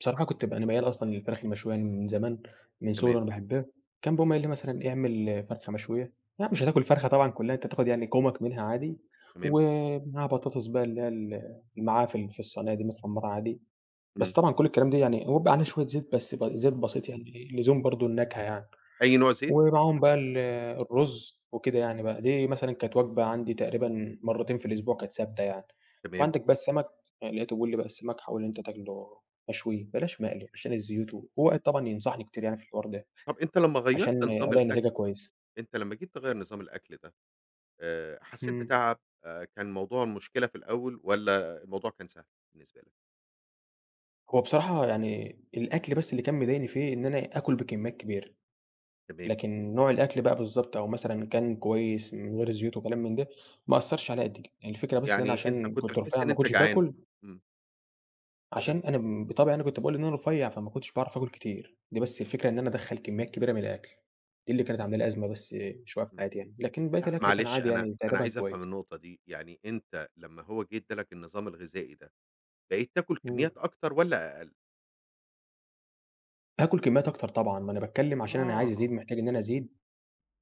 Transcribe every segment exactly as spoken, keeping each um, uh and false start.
بصراحة كنت ب أنا ميال أصلًا للفراخ المشوية، يعني من زمان، من صغري تمام. وأنا باحبها. كان بيقوم قايل لي مثلًا اعمل فرخة مشوية، لأ، مش هتاكل الفرخة طبعًا كلها أنت هتاخد يعني كومك منها عادي، تمام. ومعاها بطاطس بقى اللي هي ال معاها في ال في الصينية دي متحمرة عادي، إمم. بس طبعًا كل الكلام ده يعني هو بيبقى عليه شوية زيت بس، ب زيت بسيط يعني إيه لزوم برضه النكهة يعني، أي نوع زيت؟ ومعاهم بقى ال الرز وكده يعني بقى. دي مثلًا كانت وجبة عندي تقريبًا مرتين في الأسبوع كانت ثابتة يعني، تمام. وعندك بقى السمك، لقيته بيقول لي بقى السمك حاول إن أنت تاكله مشوي، بلاش مقلي عشان الزيوت، وهو قعد طبعًا ينصحني كتير يعني في الحوار ده، طَب، أنت لمّا عشان غيّرت نظام ألاقي الأكل، نتيجة كويسة. أنت لمّا جيت تغيّر نظام الأكل ده آآ، حسيت إمم. بتعب آآ، كان الموضوع مشكلة في الأول والَّا الموضوع كان سهل بالنسبة لك؟ هو بصراحة يعني الأكل بس اللي كان مضايقني فيه إن أنا آكل بكميات كبيرة، تمام. لكن نوع الأكل بقى بالضبط أو مثلًا كان كويس من غير الزيوت وكلام من ده، ما أثّرش عليّا قد كده. يعني الفكرة بس إن أنا يعني أنت عشان كنت كنت بتحس رفيع إن ما أنت كنتش جعان، باكل إمم. فكرة عشان أنا بطبعي أنا كنت باقول إن أنا رفيع، فما كنتش باعرف آكل كتير دي بس الفكرة إن أنا أدخل كميات كبيرة من الأكل، دي اللي كانت عاملة لي أزمة بس مش واقف إمم. حياتي يعني لكن بقيت لأ، الأكل كان معلش عادي أنا يعني أنا تقريبًا عايز أفهم كويس. النقطة دي، يعني أنت لمّا هو جه أدى لك النظام الغذائي ده، بقيت تاكل إمم. كميات أكتر والَّا أقل؟ آكل كميات أكتر طبعًا، ما أنا باتكلم عشان أنا عايز آه. أزيد محتاج إن أنا أزيد،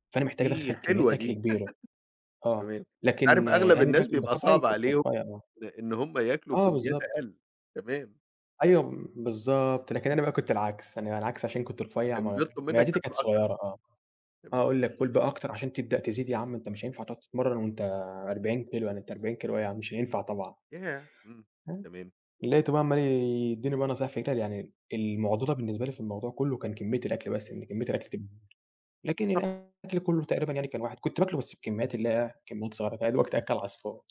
فأنا محتاج أدخّل دي كميات حلوة أكل دي. كبيرة. آه، تمام. أنت عارف لكن أغلب أنا بقى الناس كان بيبقى بطبعي صعب كنت عليهم رفيع آه. إن هُم ياكلوا آه، كميات بالضبط. أقل. تمام. أيوه، م بالضبط، لكن أنا بقى كنت العكس. أنا على العكس عشان أنا كنت رفيع كان م بيطلب منك معدتي تاكل كانت أكتر. صغيرة آه. تمام. هاقول لك كُل بقى أكتر عشان تبدأ تزيد يا عم أنت مش هينفع تقعد تتمرن وأنت أربعين كيلو يعني أنت أربعين كيلو إيه مش هينفع طبعًا.، ياه! إمم، [unintelligible] تمام. لقيته بقى عمّال يديني بقى نصايح في إيه تاني، يعني المعضلة بالنسبة لي في الموضوع كله كان كمية الأكل بس إن كمية الأكل تكبر. لكن طب الأكل كله تقريبًا يعني كان واحد، كنت باكله بس بكميات اللي هي إيه، كميات صغيرة فاهم. يا دوبك تأكل عصفور.